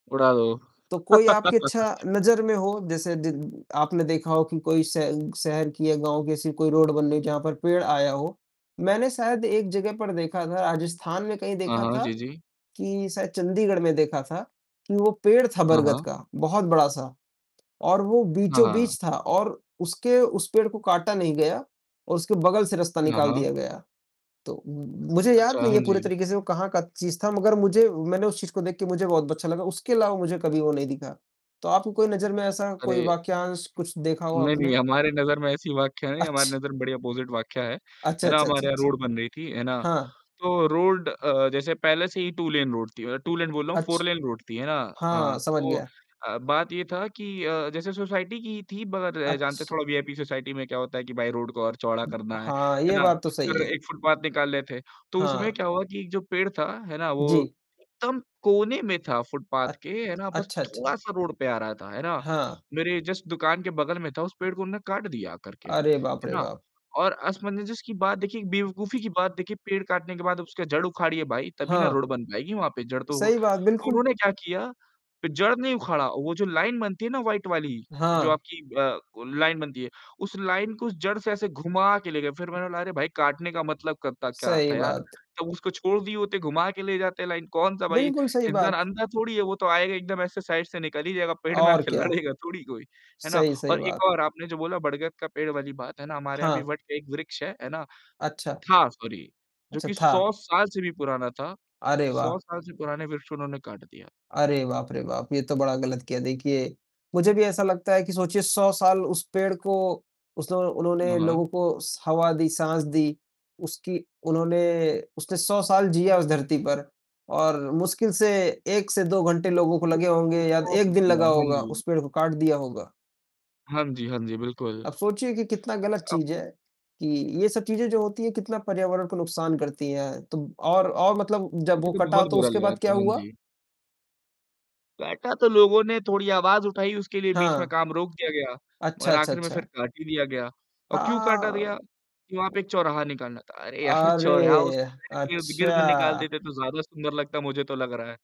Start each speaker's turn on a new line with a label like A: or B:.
A: उड़ा दो।
B: तो कोई आपकी अच्छा नज़र में हो, जैसे दि आपने देखा हो कि कोई स शहर की या गाँव की ऐसी कोई रोड बन रही है जहाँ पर पेड़ आया हो? मैंने शायद एक जगह पर देखा था, राजस्थान में कहीं
A: हाँ,
B: देखा
A: हाँ।
B: था,
A: जी, जी।
B: कि शायद चंडीगढ़ में देखा था, कि वो पेड़ था
A: हाँ,
B: बरगद
A: हाँ।
B: का, बहुत बड़ा-सा और वो
A: हाँ।
B: बीचों-बीच था और उसके उस पेड़ को काटा नहीं गया और उसके बगल से रास्ता
A: हाँ,
B: निकाल
A: हाँ।
B: दिया गया, तो मुझे याद
A: अच्छा,
B: नहीं
A: हाँ
B: है पूरे
A: जी।
B: तरीके से वो कहाँ का चीज़ था मगर मुझे मैंने उस चीज को देख के मुझे बहुत अच्छा लगा, उसके अलावा मुझे कभी वो नहीं दिखा। तो आपकी कोई नज़र में ऐसा कोई
A: अरे!
B: वाक्यांश कुछ देखा हो
A: नहीं,
B: आपने?
A: नहीं हमारे नज़र में ऐसी वाकया नहीं, हमारे
B: अच्छ
A: नज़र में बड़ी ऑपोजिट वाकया है,
B: अच्छा,
A: है ना,
B: अच्छा, अच्छा,
A: हमारे यहाँ
B: अच्छ,
A: रोड बन रही थी, है ना।
B: हाँ।
A: तो रोड अ, जैसे पहले से ही टू लेन रोड थी, मतलब टू लेन बोल रहा हूँ फोर
B: अच्छ
A: लेन रोड थी, है ना।
B: हाँ,
A: हाँ,
B: समझ
A: तो
B: गया।
A: अ, बात ये था कि अ, जैसे सोसाइटी की थी मगर अ, जानते
B: अच्छ
A: थोड़ा वीआईपी सोसाइटी में क्या होता है कि भाई रोड को और चौड़ा करना है,
B: हाँ,
A: है
B: यह
A: ना,
B: बात तो सही
A: फिर
B: है।
A: एक फुटपाथ निकाल ले थे, तो उसमें
B: हाँ।
A: क्या हुआ कि एक जो पेड़ था, है ना वो
B: जी।
A: एकदम कोने में था फुटपाथ
B: अच
A: के, है ना, बस
B: अच्छा, अच्छा।
A: थोड़ा-सा रोड पे आ रहा था, है ना।
B: हाँ।
A: मेरे जस्ट दुकान के बगल में था, उस पेड़ को उन्होंने काट दिया आकर के,
B: अरे बाप
A: है
B: रे
A: ना
B: बाप!
A: और असमंजस की बात देखिए, एक बेवकूफी की बात देखिए, पेड़ काटने के बाद उसकी जड़ उखाड़िये भाई, तभी ना
B: हाँ।
A: रोड बन पाएगी वहाँ पे जड़ तो
B: सही बात,
A: तो
B: बिल्कुल।
A: उन्होंने क्या किया कि जड़ नहीं उखाड़ा, वो जो लाइन बनती है ना वाइट वाली, जो
B: हाँ।
A: आपकी अ, को लाइन बनती है, उस लाइन को जड़ से ऐसे घुमा के ले गए, फिर मैंने कहा "अरे भाई! काटने का मतलब करता क्या
B: सही
A: था यार।"
B: बात।
A: तब उसको छोड़ दिए होते, घुमा के ले जाते लाइन को, कौन सा भाई
B: बिल्कुल सही
A: इंसान
B: बात।
A: अंधा थोड़ी है, वो तो आएगा एकदम ऐसे साइड से निकल ही जाएगा पेड़ में
B: और
A: आके
B: क्या!
A: लड़ेगा थोड़ी कोई। है ना
B: सही सही
A: और एक
B: बात।
A: और आपने जो बोला बड़गत का पेड़ वाली बात है ना, हमारे यहाँ भी
B: हाँ।
A: वट के एक वृक्ष है, है ना,
B: अच्छा।
A: था सॉरी जो
B: अच्छा,
A: कि
B: था।
A: 100 साल से भी पुराना था।
B: अरे
A: 100
B: वाह!
A: साल से पुराने वृक्ष उन्होंने काट दिया।
B: अरे बाप रे बाप! ये तो बड़ा गलत किया, देखिए मुझे भी ऐसा लगता है कि सोचिए 100 साल उस पेड़ को, उसने उन्होंने
A: हाँ, हाँ।
B: लोगों को स हवा दी, साँस दी, उसकी उन्होंने उसने 100 साल जिया उस धरती पर और मुश्किल से 1 से 2 घंटे लोगों को लगे
A: [unintelligible]
B: होंगे या
A: हाँ
B: 1 दिन लगा होगा,
A: जी।
B: उस पेड़ को काट दिया होगा।
A: हाँ जी, हाँ जी। बिल्कुल।
B: अब सोचिए कि कितना गलत
A: अ
B: चीज़ है कि ये सब चीजें जो होती है, कितना पर्यावरण को नुकसान करती है, तो और और मतलब जब
A: मुझे
B: वो
A: तो
B: कटा
A: बहुत
B: तो
A: बुरा
B: उसके
A: लगा
B: बाद क्या
A: था। हाँ
B: हुआ?
A: जी। बेेठा तो लोगों ने थोड़ी आवाज़ उठाई उसके लिए, बीच में
B: हाँ।
A: काम रोक दिया गया,
B: अच्छा,
A: मगर
B: अच्छा,
A: आखिर में फिर
B: अच्छा।
A: काट ही दिया गया और क्यों काटा
B: हाँ।
A: गया, कि वहाँ पे एक चौराहा निकालना था, अरे यार! चौराहा उस
B: अरे!
A: पेड़ के इर्द-गिर्द निकाल
B: अच्छा।
A: देते तो ज़्यादा सुंदर लगता मुझे तो लग रहा है।